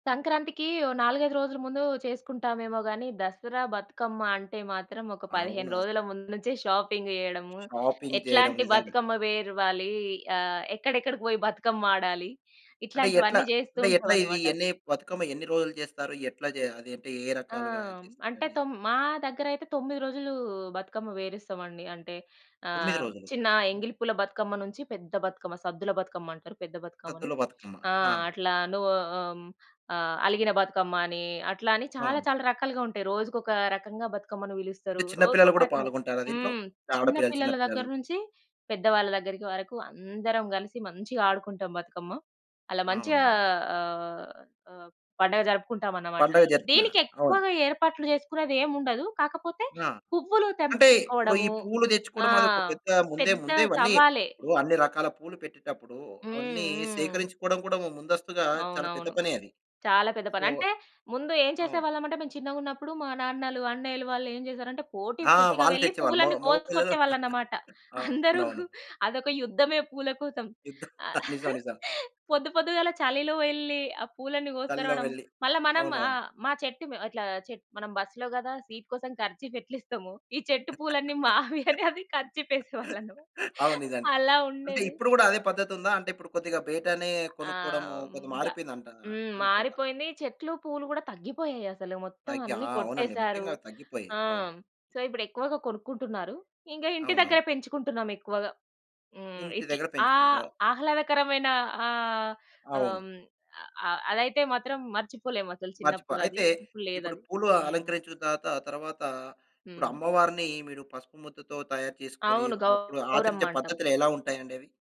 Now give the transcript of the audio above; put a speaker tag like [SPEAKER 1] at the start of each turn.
[SPEAKER 1] సంక్రాంతికీ ఓ 4, 5 రోజులు ముందూ చేసుకుంటామేమో గానీ, దసరా, బతుకమ్మ అంటే మాత్రం, ఒక 15
[SPEAKER 2] అవునా? అస
[SPEAKER 1] రోజుల ముందు నుంచే, షాపింగ్ జేయడము,
[SPEAKER 2] షాపింగ్ జేయడం
[SPEAKER 1] ఎట్లాంటి
[SPEAKER 2] నిజంగా.
[SPEAKER 1] బతుకమ్మ వేర్వాలీ, ఆహ్, ఎక్కడెక్కడికి బోయి బతుకమ్మాడాలి,
[SPEAKER 2] అంటే ఎట్లా?
[SPEAKER 1] ఇట్లాంటివన్నీ జేస్తూ
[SPEAKER 2] అంటే ఎట్లా ఇదీ
[SPEAKER 1] ఉంటామనమాట.
[SPEAKER 2] ఎన్ని, బతుకమ్మ ఎన్ని రోజులు జేస్తారు? ఎట్లా జే అదేంటీ ఏ
[SPEAKER 1] ఆ!
[SPEAKER 2] రకాలుగా
[SPEAKER 1] హ్మ్. అంటే,
[SPEAKER 2] జేస్తారండి?
[SPEAKER 1] తొమ్ మా దగ్గరయితే 9 రోజులూ బతుకమ్మ వేరిస్తామండి. అంటే,
[SPEAKER 2] 9
[SPEAKER 1] ఆహ్,
[SPEAKER 2] రోజులు.
[SPEAKER 1] చిన్న
[SPEAKER 2] హ్మ్.
[SPEAKER 1] ఎంగిలి పూల బతుకమ్మ నుంచి, పెద్ద బతుకమ్మ, సద్దుల బతుకమ్మంటరు పెద్ద బతుకమ్మని.
[SPEAKER 2] సద్దుల బతుకమ్మ.
[SPEAKER 1] ఆ!
[SPEAKER 2] ఆ!
[SPEAKER 1] అట్లా నువ్వు ఆ! హ్మ్. ఆహ్, అలిగిన బతుకమ్మ అనీ, అట్లా అని, చాలా,
[SPEAKER 2] అవును.
[SPEAKER 1] చాలా రకాలుగా ఉంటాయి. రోజుకోక రకంగా బతుకమ్మని
[SPEAKER 2] అంటే,
[SPEAKER 1] బిలుస్తరూ.
[SPEAKER 2] చిన్న పిల్లలు
[SPEAKER 1] రోజుకొక
[SPEAKER 2] గూడా
[SPEAKER 1] రకంగా,
[SPEAKER 2] పాలుగొంటార దీంట్లో?
[SPEAKER 1] హ్మ్. చిన్న
[SPEAKER 2] ఆడపిల్లలు,
[SPEAKER 1] పిల్లల
[SPEAKER 2] చిన్నపిల్లలు?
[SPEAKER 1] దగ్గర్నుంచి, పెద్దవాళ్ళ దగ్గరికి వరకు, అందరం గలిసి మంచిగా ఆడుకుంటాం బతుకమ్మ. అలా మంచిగా
[SPEAKER 2] అవునవును.
[SPEAKER 1] ఆహ్, ఆహ్, పండుగ జరుపుకుంటామనమాట.
[SPEAKER 2] పండుగ జరిపినా. అవును.
[SPEAKER 1] దీనికెక్కువగా ఏర్పాట్లు జేసుకునేదేముండదు, కాకపోతే,
[SPEAKER 2] ఆ!
[SPEAKER 1] పువ్వులు
[SPEAKER 2] అంటే, ఇప్పుడు ఈ
[SPEAKER 1] తెంపుకొచ్చుకోవడమూ
[SPEAKER 2] పూలు
[SPEAKER 1] ఆ!
[SPEAKER 2] దెచ్చుకోడం, అదోక పెద్ద ముందే,
[SPEAKER 1] పెద్ద
[SPEAKER 2] ముందే ఇవన్నీ
[SPEAKER 1] సవాలే.
[SPEAKER 2] ఇప్పుడు అన్ని రకాల పూలు పెట్టేటప్పుడూ,
[SPEAKER 1] హ్మ్.
[SPEAKER 2] అవన్నీ
[SPEAKER 1] హ్మ్.
[SPEAKER 2] సేకరించుకోడం కూడా, ఓ ముందస్తుగా చాలా పెద్ద
[SPEAKER 1] అవునవును.
[SPEAKER 2] పనే అది.
[SPEAKER 1] చాలా పెద్ద పని.
[SPEAKER 2] సొ
[SPEAKER 1] అంటే, ముందు ఏం
[SPEAKER 2] అవును.
[SPEAKER 1] చేసేవాళ్ళమంటే, మేము చిన్నగున్నప్పుడు మా నాన్నలు, అన్నయ్యలు వాళ్ళేం జేశారంటే, పోటీ
[SPEAKER 2] ఆ!
[SPEAKER 1] పోటీగా
[SPEAKER 2] వాళ్ళు
[SPEAKER 1] వెళ్లి,
[SPEAKER 2] తెచ్చేవాళ్ళు మొ
[SPEAKER 1] పువ్వులన్నీ
[SPEAKER 2] మొగపిల్లలు.
[SPEAKER 1] కోసుకొచ్చేవాళ్ళన్నమాట. అందరూ
[SPEAKER 2] అవునవును.
[SPEAKER 1] అదొక యుద్ధమే పూల కోసం.
[SPEAKER 2] యుద్ధం.
[SPEAKER 1] ఆ!
[SPEAKER 2] నిజం, నిజం.
[SPEAKER 1] పొద్దు పొద్దుగాల చలిలో వెళ్ళి, ఆ పూలన్నీ
[SPEAKER 2] చలిలో
[SPEAKER 1] గోసకరావడం.
[SPEAKER 2] వెళ్లి.
[SPEAKER 1] మళ్ళా మనం
[SPEAKER 2] అవునవును.
[SPEAKER 1] ఆహ్, మా చెట్టు మేం ఇట్లా చెట్ మనం బస్సులో గదా సీట్ కోసం కర్చీఫెట్లిస్తమో, ఈ చెట్టు పూలన్నీ మావి అని, అది కర్చీఫేసేవాళ్ళన్నమా
[SPEAKER 2] అవును నిజానికి.
[SPEAKER 1] అలా
[SPEAKER 2] అంటే
[SPEAKER 1] ఉండేది.
[SPEAKER 2] ఇప్పుడు గూడా, అదే పద్ధతుందా? అంటే, ఇప్పుడు కొద్దిగా బయటనే
[SPEAKER 1] ఆ!
[SPEAKER 2] కొనుక్కోడమూ,
[SPEAKER 1] హ్మ్.
[SPEAKER 2] కొద్దిగ
[SPEAKER 1] బ
[SPEAKER 2] మారిపోయిందంటా
[SPEAKER 1] హ్మ్.
[SPEAKER 2] అనుకుంటా.
[SPEAKER 1] మారిపోయిందీ, చెట్లు పూలు గూడా తగ్గిపోయాయసలు, మొత్తం
[SPEAKER 2] తగ్గి. ఆ!
[SPEAKER 1] అన్ని
[SPEAKER 2] అవునండి,
[SPEAKER 1] కొట్టేసారు.
[SPEAKER 2] ముఖ్యంగా తగ్గిపోయాయి.
[SPEAKER 1] ఆ!
[SPEAKER 2] అవును.
[SPEAKER 1] హ్మ్. సో, ఇప్పుడెక్కువగా కొనుక్కుంటున్నారు. ఇంకా ఇంటి దగ్గర
[SPEAKER 2] అవునవును.
[SPEAKER 1] పెంచుకుంటున్నాం ఎక్కువగా. హ్మ్.
[SPEAKER 2] ఇంటి
[SPEAKER 1] ఇట్ల్
[SPEAKER 2] దగ్గర
[SPEAKER 1] ఆహ్,
[SPEAKER 2] పెంచుకుంటరా?
[SPEAKER 1] ఆహ్లాదకరమైన ఆహ్, ఆహ్,
[SPEAKER 2] అవును.
[SPEAKER 1] హ్మ్. అ అ అదయితే మాత్రం, మర్చిపోలేమసలు
[SPEAKER 2] మర్చిపో.
[SPEAKER 1] చిన్నప్పుడు అది.
[SPEAKER 2] అయితే,
[SPEAKER 1] ఇప్పుడు
[SPEAKER 2] ఇప్పుడు
[SPEAKER 1] లేదది.
[SPEAKER 2] పూలు
[SPEAKER 1] హ్మ్.
[SPEAKER 2] అలంకరించిన తాత తర్వాతా ఇప్పుడు
[SPEAKER 1] హ్మ్.
[SPEAKER 2] అమ్మవారినీ, మీరు పసుపు ముద్దతో తయారు చేసుకొని
[SPEAKER 1] అవును.
[SPEAKER 2] అప్పుడు ఆచరించే
[SPEAKER 1] గౌరమ్మంటాం.
[SPEAKER 2] పద్ధతులు ఎలా ఉంటాయండవి?